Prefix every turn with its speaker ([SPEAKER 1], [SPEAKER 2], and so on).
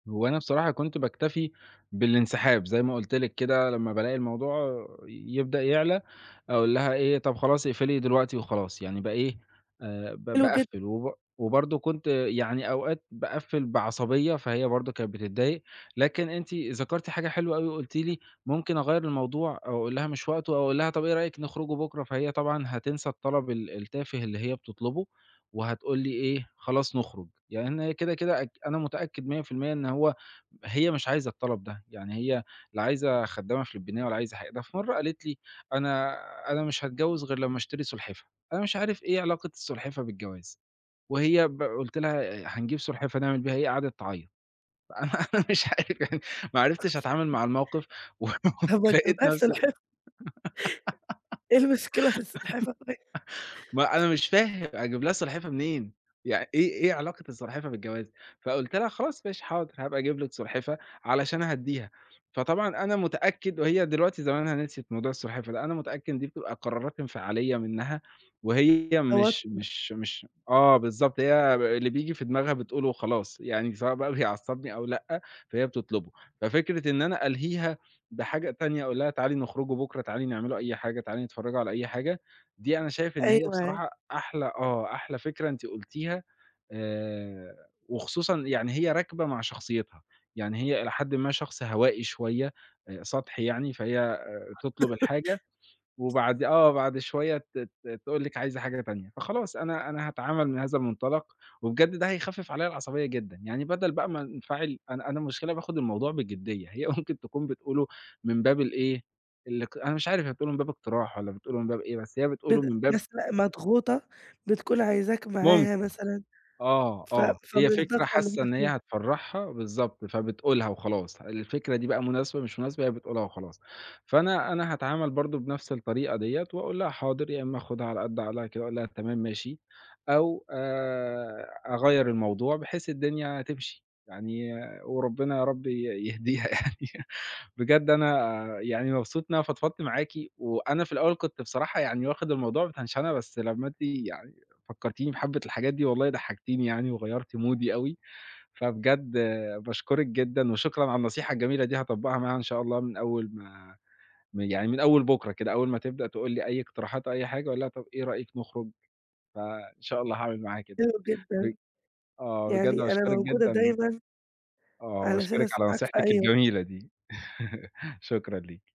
[SPEAKER 1] هو أنا بصراحة كنت باكتفي بالانسحاب، زي ما قلت لِك كده لمّا بالاقي الموضوع ي يبدأ يعلى، أقول لها إيه "طَب خلاص، اقفلي دلوقتي وخلاص." يعني با إيه ب
[SPEAKER 2] حلو جدًا.
[SPEAKER 1] باقفِّل وب وبرضه كنت يعني أوقات باقفِّل بعصبية، فهي برضه كانت بتضايق، لكن أنتِ ذكرتِ حاجة حلوة أوي، وقلتِ لي ممكن أغيَّر الموضوع، أو أقول لها مش وقتُه أو أقول لها طَب إيه رأيك نخرجوا بُكره؟ فهي طبعًا هتنسى الطلب ال التافه اللي هي بتطلُبُه وهتقول لي إيه، خلاص نخرج، يعني أنا كده كده أت أنا متأكد مِيَّة في المِيَّة إن هو هي مش عايزة الطلب ده، يعني هي لا عايزة خدّامة فلبينية ولا عايزة حاجة، ده في مرة قالت لي: "أنا أنا مش هاتجوّز، غير لمّا أشتري سلحفاة." أنا مش عارف إيه علاقة السلحفاة بالجواز، وهي ب قلت لها: "هنجيب سلحفاة نعمل بيها إيه؟!" قعدت تعيّط، أنا مش عارف، ما عرفتش أتعامل مع الموقف
[SPEAKER 2] طَب ما تجيب لها
[SPEAKER 1] ولقيت
[SPEAKER 2] السلحفاة.
[SPEAKER 1] نفسي
[SPEAKER 2] إيه المشكلة في السلحفاة طيب؟
[SPEAKER 1] ما أنا مش فاهم، أجيب لها سلحفاة منين، يعن إيه إيه علاقة السلحفاة بالجواز؟ فقلت لها: "خلاص ماشي حاضر، هابقى أجيب لِك سلحفاة." علشان أهدِّيها، فطبعًا أنا متأكد وهي دلوقتي زمانها نسيت موضوع السلحفاة ده، أنا متأكد إن دي بتبقى قرارات انفعالية منها وهي
[SPEAKER 2] توتر.
[SPEAKER 1] مش مش مش آه، بالضبط هي اللي بييجي في دماغها بتقوله وخلاص يعني سواء بقى بيعصّبني أو لأ، فهي بتطلبه ففكرة إن أنا ألهيها بحاجة تانية أقول لها تعالي نخرجوا بُكرة، تعالي نعملوا أي حاجة، تعالي نتفرّجوا على أي حاجة، دي أنا شايف إن هي
[SPEAKER 2] أيوه
[SPEAKER 1] بصراحة أحلى آه، أحلى فكرة أنتِ قلتيها آآ، وخصوصًا يعني هي راكبة مع شخصيتها، يعني هي إلى حدٍ ما، شخص هوائي شوية، سطحي يعني، فهي تطلب الحاجة وبعد آه، بعد شوية ت ت تقول لِك عايزة حاجة تانية، فخلاص أنا أنا هاتعامل من هذا المنطلق، وبجد ده هيخفِّف عليَّ العصبية جدًا، يعني بدل بقى ما أنفعل، أنا أنا المشكلة باخد الموضوع بجدية، هي ممكن تكون بتقوله من باب الإيه، اللي ك أنا مش عارف هي بتقوله من باب اقتراح والَّا بتقوله من باب إيه، بس هي بتقوله
[SPEAKER 2] بد
[SPEAKER 1] من باب
[SPEAKER 2] مثلًا مضغوطة بتكون عايزاك معاها
[SPEAKER 1] ممكن،
[SPEAKER 2] مثلًا،
[SPEAKER 1] آه،
[SPEAKER 2] ف
[SPEAKER 1] آه
[SPEAKER 2] فمن
[SPEAKER 1] هي فكرة
[SPEAKER 2] الضغطة اللي
[SPEAKER 1] حاسة
[SPEAKER 2] هي
[SPEAKER 1] إن هي
[SPEAKER 2] فيها.
[SPEAKER 1] هتفّرحها، بالضبط، فبتقولها وخلاص، الفكرة دي بقى مناسبة، مش مناسبة، هي بتقولها وخلاص، فأنا أنا هاتعامل برضه بنفس الطريقة ديَّة وأقول لها حاضر، يا إما آخُدها على قد عقلها كده، وأقول لها تمام ماشي، أو آآ، أغيّر الموضوع بحيث الدنيا تمشي. يعني وربنا يا رب ي يهديها يعني، بجد أنا يعني مبسوط إن أنا فضفضت معاكِ، وأنا في الأول كنت بصراحة يعني واخد الموضوع بتنشنة بس لمّا أنتِ يعني فكّرتيني بحبِّة الحاجات دي والله ضحكتيني يعني، وغيرتِ مودي أوي، فبجد باشكرِك جدًا، وشكرًا على النصيحة الجميلة دي، هاطبّقها معاها إن شاء الله من أول ما ما يعني من أول بُكرة كده، أول ما تبدأ تقول لي أي اقتراحات أو أي حاجة، أقول لها طَب إيه رأيك نخرج؟ فإن شاء الله هاعمل معاها كده،
[SPEAKER 2] حلو
[SPEAKER 1] بج
[SPEAKER 2] جدًا،
[SPEAKER 1] آه، بجد
[SPEAKER 2] يعني أنا
[SPEAKER 1] باشكرِك
[SPEAKER 2] موجودة
[SPEAKER 1] جدًا.
[SPEAKER 2] دايمًا
[SPEAKER 1] آه،
[SPEAKER 2] علشان
[SPEAKER 1] باشكرِك على
[SPEAKER 2] أسمعك في
[SPEAKER 1] نصيحتِك
[SPEAKER 2] أي وقت.
[SPEAKER 1] الجميلة دي، شكرًا ليكِ.